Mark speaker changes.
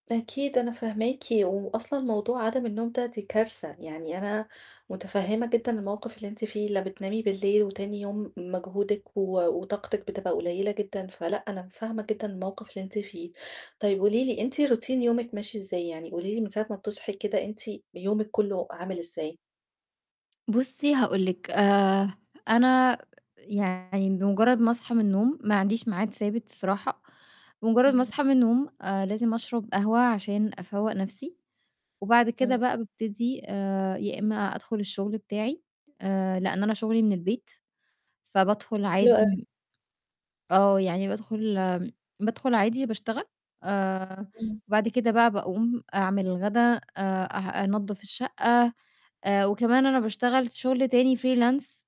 Speaker 1: أكيد أنا فاهماكِ و وأصلًا موضوع عَدَم النوم ده دي كارثة. يعني أنا مُتفهِّمة جدًا الموقِف اللي أنتِ فيه لا بتنامي بالليل وتاني يوم مجهودِك و وطاقتِك بتبقى قُليّلة جدًا فلأ، أنا فاهمة جدًا الموقِف اللي أنتِ فيه. طيب قولي لي أنتِ routine يومِك ماشي إزاي؟ يعني قولي لي من ساعة ما بتصحي كده أنتِ يومِك كلّه عامل إزاي؟
Speaker 2: بُصّي هاقول لِك، آآ أنا يعني بمُجرّد ما أصحى من النوم ما عنديش ميعاد ثابت الصراحة، بمُجرّد ما
Speaker 1: اهم.
Speaker 2: أصحى من النوم آآ لازم أشرب قهوة عشان أفوَّق نَفْسي وبعد كده
Speaker 1: إمم.
Speaker 2: بقى بابتدي آآ يا إمّا أدخُل الشُغل بتاعي آآ لإن أنا شُغلي من البيت، فبادخُل
Speaker 1: حلو
Speaker 2: عادي
Speaker 1: أوي.
Speaker 2: م آه، يعني بادخُل آمم بادخُل عادي باشتغل آآ
Speaker 1: إمم.
Speaker 2: بعد كده بقى باقوم أعمل الغدا آآ أه أنضَّف الشَقّة آآ وكمان أنا باشتغل شُغل تاني freelance.